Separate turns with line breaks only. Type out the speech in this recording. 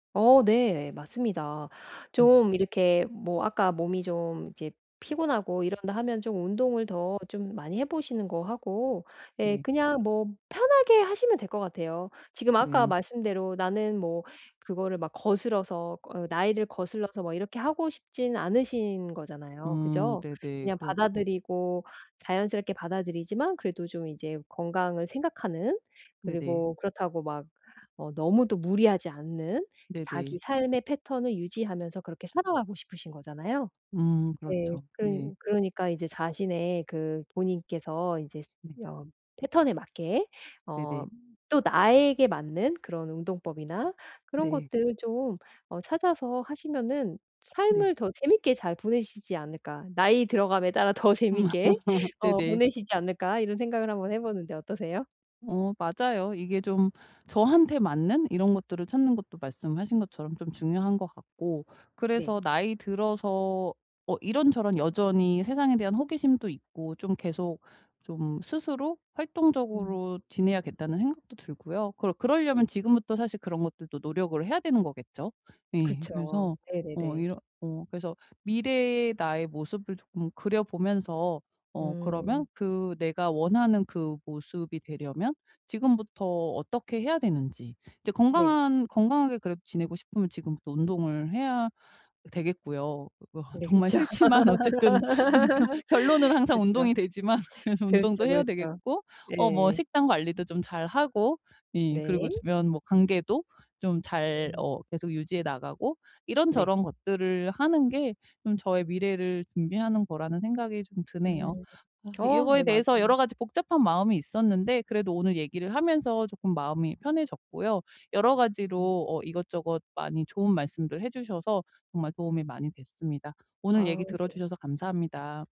어. 네. 맞습니다.
음.
좀 이렇게 뭐 아까 몸이 좀 이제 피곤하고 이런다 하면 좀 운동을 더 좀 많이 해 보시는 거 하고 예
네.
그냥 뭐 편하게 하시면 될 것 같아요. 지금 아까
네.
말씀대로 나는 뭐 그거를 막 거스러서 어 나이를 거슬러서 뭐 이렇게 하고 싶지는 않으신 거잖아요.
음.
그죠?
네네.
그냥
그렇죠.
받아들이고 자연스럽게 받아들이지만 그래도 좀 이제 건강을 생각하는
네네.
그리고 그렇다고 막 어 뭐 너무 또 무리하지 않는
네네.
자기 삶의 패턴을 유지하면서 그렇게 살아가고 싶으신 거잖아요.
음.
네.
그렇죠.
그러니
네.
그러니까 이제 자신의 그 본인께서 이제
네.
어 패턴에 맞게 어
네네.
또 나에게 맞는 그런 운동법이나 그런
네.
것들 좀 어 찾아서 하시면은
네.
삶을 더 재밌게 잘 보내시지 않을까. 나이 들어감에 따라 더 재밌게 어
네네.
보내시지 않을까 이런 생각을 한번 해 보는데 어떠세요?
어 맞아요. 이게 좀 저한테 맞는 이런 것들을 찾는 것도 말씀하신 것처럼 좀 중요한 것 같고
네.
그래서 나이 들어서 어 이런저런 여전히 세상에 대한 호기심도 있고 좀 계속 좀 스스로
음.
활동적으로 지내야겠다는 생각도 들고요. 그러 그러려면
네.
지금부터 사실 그런 것들도 노력을 해야 되는 거겠죠. 예
그쵸.
그래서 어
네네네.
이러 어 그래서 미래의 나의 모습을 조금 그려보면서 어 그러면
음.
그 내가 원하는 그 모습이 되려면 지금부터 어떻게 해야 되는지 이제
네.
건강한 건강하게 그래도 지내고 싶으면 지금부터 운동을 해야 되겠고요. 어 그 아
네
정말
그쵸.
싫지만 어쨌든 결론은 항상
그죠.
운동이 되지만 그래서 운동도
그렇죠,
해야
그렇죠.
되겠고 어 뭐
예.
식단 관리도 좀 잘 하고 예 그리고
네.
주변 뭐 관계도 좀 잘
음.
어 계속 유지해 나가고
네.
이런저런 것들을 하는 게 좀 저의 미래를 준비하는 거라는 생각이 좀 드네요.
음.
아 이
어 네
요거에
맞아요.
대해서 여러 가지 복잡한 마음이 있었는데 그래도 오늘 얘기를 하면서 쪼끔 마음이 편해졌고요. 여러
음.
가지로 어 이것저것 많이 좋은 말씀들 해 주셔서 정말 도움이 많이 됐습니다. 오늘
아.
얘기
네.
들어주셔서 감사합니다.